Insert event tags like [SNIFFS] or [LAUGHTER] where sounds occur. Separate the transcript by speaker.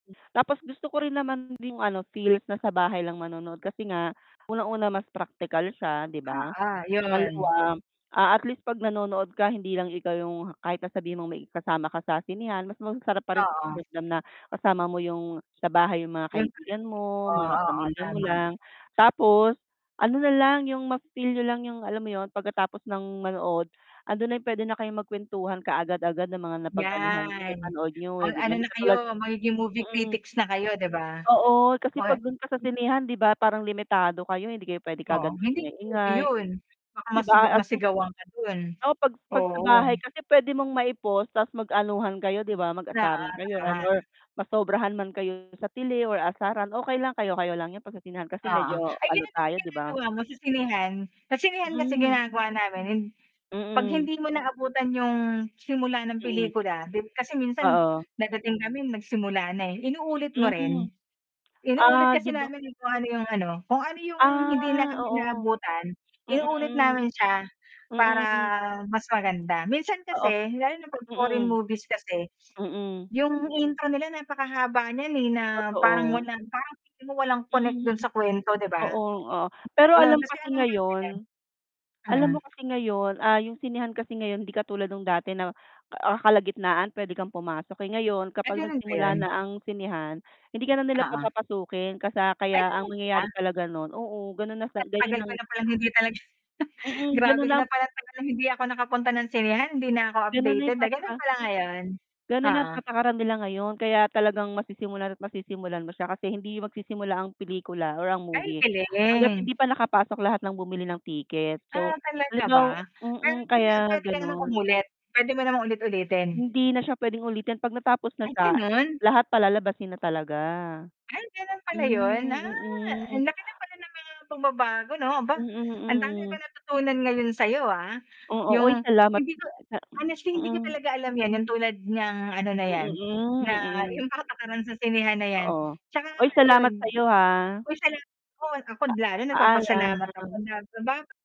Speaker 1: Tapos gusto ko rin naman yung ano, feels na sa bahay lang manonood kasi nga, unang-una mas praktikal siya, 'di ba?
Speaker 2: Oo, yun.
Speaker 1: Pangalawa, ah, at least 'pag nanonood ka, hindi lang ikaw yung kahit na sabihin mong may kasama ka sa sinehan, mas masarap parin sa
Speaker 2: Oo.
Speaker 1: pakiramdam na kasama mo yung sa bahay yung mga kaibigan
Speaker 2: [UNINTELLIGIBLE]
Speaker 1: mo,
Speaker 2: Oo,
Speaker 1: mga
Speaker 2: oo,
Speaker 1: pamilya mo
Speaker 2: tama.
Speaker 1: lang. Tapos ano nalang, yung mafi-feel niyo lang yung alam mo yun, pagkatapos ng manood, ando'n na yung puwede na kayong magkwentuhan kaagad-agad ng mga napag-anuhan niyo,
Speaker 2: Yan.
Speaker 1: napanood niyo,
Speaker 2: Mag
Speaker 1: eh, 'di
Speaker 2: ano
Speaker 1: ba? Hindi
Speaker 2: na
Speaker 1: katulad
Speaker 2: kayo, magiging movie
Speaker 1: mm.
Speaker 2: critics na kayo, 'di ba?
Speaker 1: Oo. Kasi
Speaker 2: More
Speaker 1: 'pag do'n ka sa
Speaker 2: hm
Speaker 1: sinehan 'di ba parang limitado kayo, hindi kayo puwede
Speaker 2: Oh.
Speaker 1: kaagad
Speaker 2: Hindi movie
Speaker 1: mag-ingay-ingay.
Speaker 2: yun. Baka
Speaker 1: 'Di
Speaker 2: masig
Speaker 1: ba? At least
Speaker 2: nasigawan ka do'n.
Speaker 1: oo, 'pag 'pag sa
Speaker 2: Oo.
Speaker 1: bahay kasi puwede mong mai-pause ta's mag-anuhan kayo, 'di ba? Mag-asaran
Speaker 2: [UNINTELLIGIBLE]
Speaker 1: kayo ano,
Speaker 2: naman.
Speaker 1: or masobrahan man kayo sa tili or asaran, okey lang, kayo kayo lang yun. 'Pag sa sinehan kasi
Speaker 2: Oo.
Speaker 1: medyo
Speaker 2: Ay,
Speaker 1: ano
Speaker 2: gano'n din ba
Speaker 1: tayo, 'di ba?
Speaker 2: ginagawa mo sa sinehan? Sa sinehan kasi
Speaker 1: Mm.
Speaker 2: ginagawa namin, eh, 'pag
Speaker 1: Mm.
Speaker 2: hindi mo naabutan yung simula ng
Speaker 1: Mm.
Speaker 2: pelikula, 'di kasi minsan
Speaker 1: Oo.
Speaker 2: dadating kami, nagsimula na, eh. Inuulit mo
Speaker 1: Hmm.
Speaker 2: rin? Inuulit
Speaker 1: Ah, 'di
Speaker 2: kasi
Speaker 1: ba
Speaker 2: namin kung paano yung ano, kung ano yung hindi
Speaker 1: Ah,
Speaker 2: namin
Speaker 1: oo.
Speaker 2: naabutan,
Speaker 1: Mm,
Speaker 2: inuulit
Speaker 1: mm.
Speaker 2: namin siya para
Speaker 1: Mm, hmm.
Speaker 2: mas maganda. Minsan
Speaker 1: Oo.
Speaker 2: kasi lalo na 'pag foreign
Speaker 1: Mm.
Speaker 2: movies kasi, [SNIFFS]
Speaker 1: Mm.
Speaker 2: yung intro nila napakahaba niyan, eh, na parang
Speaker 1: Totoo.
Speaker 2: walang parang feeling mo walang connect
Speaker 1: Mm.
Speaker 2: do'n sa kwento, 'di ba?
Speaker 1: Oo, oh. Pero
Speaker 2: Yun,
Speaker 1: alam
Speaker 2: kasi
Speaker 1: kasi
Speaker 2: ano nga 'di
Speaker 1: ngayon
Speaker 2: ba
Speaker 1: alam
Speaker 2: mm.
Speaker 1: mo kasi ngayon, ah, yung sinehan kasi ngayon, hindi katulad no'ng dati na, ah, kalagitnaan puwede kang pumasok, eh. Ngayon,
Speaker 2: Ay,
Speaker 1: kapag
Speaker 2: gano'n ba
Speaker 1: nagsimula
Speaker 2: yun?
Speaker 1: na ang sinehan, hindi ka na nila
Speaker 2: Oo.
Speaker 1: papapasukin kasa
Speaker 2: Ay,
Speaker 1: kaya ang
Speaker 2: talaga?
Speaker 1: nangyayari talaga no'n oo, gano'n na sa
Speaker 2: Ang
Speaker 1: gayon
Speaker 2: tagal ko
Speaker 1: ang
Speaker 2: na palang hindi talaga
Speaker 1: Mm,
Speaker 2: grabe
Speaker 1: gano'n na
Speaker 2: na
Speaker 1: ang
Speaker 2: pala. Talagang hindi ako nakapunta ng sinehan, hindi na ako
Speaker 1: Gano'n na
Speaker 2: updated
Speaker 1: yung
Speaker 2: na gano'n
Speaker 1: pataka
Speaker 2: pala ngayon.
Speaker 1: Gano'n na
Speaker 2: Oo.
Speaker 1: patakaran nila ngayon kaya talagang masisimulan at masisimulan mo siya kasi hindi magsisimula ang pelikula or ang
Speaker 2: Ay,
Speaker 1: movie, hangga't
Speaker 2: galing.
Speaker 1: hindi pa nakapasok lahat ng bumili ng ticket.
Speaker 2: Ah,
Speaker 1: So,
Speaker 2: talaga ba?
Speaker 1: halimbaw
Speaker 2: Pero
Speaker 1: mm,
Speaker 2: pina
Speaker 1: kaya
Speaker 2: puwede ka namang
Speaker 1: gano'n.
Speaker 2: umulit? Puwede mo namang ulit-ulitin?
Speaker 1: Hindi na siya puwedeng ulitin. 'Pag natapos na
Speaker 2: Ay,
Speaker 1: siya,
Speaker 2: gano'n?
Speaker 1: lahat palalabasin na talaga.
Speaker 2: Ay, gano'n pala yun?
Speaker 1: Hmm,
Speaker 2: Ah. Ang
Speaker 1: mm.
Speaker 2: laki na pala ng mga pagbabago 'no? Aba,
Speaker 1: Mm,
Speaker 2: ang dami ko
Speaker 1: hmm.
Speaker 2: natutunan ngayon sayo, ah.
Speaker 1: Oo. Uy,
Speaker 2: Yung
Speaker 1: salamat
Speaker 2: hindi ko
Speaker 1: sa
Speaker 2: honestly
Speaker 1: hm
Speaker 2: hindi ko
Speaker 1: mm.
Speaker 2: talaga alam yan, yang tulad niyang ano na yan,
Speaker 1: Mm,
Speaker 2: na
Speaker 1: hmm, mm.
Speaker 2: yung patakaran sa sinehan na yan.
Speaker 1: Oo.
Speaker 2: Tsaka
Speaker 1: Uy, salamat
Speaker 2: ayun.
Speaker 1: sayo ha.
Speaker 2: Uy, salamat do'n, ako
Speaker 1: Pa
Speaker 2: lalo nagpapasalamat ako
Speaker 1: paalam.
Speaker 2: na paba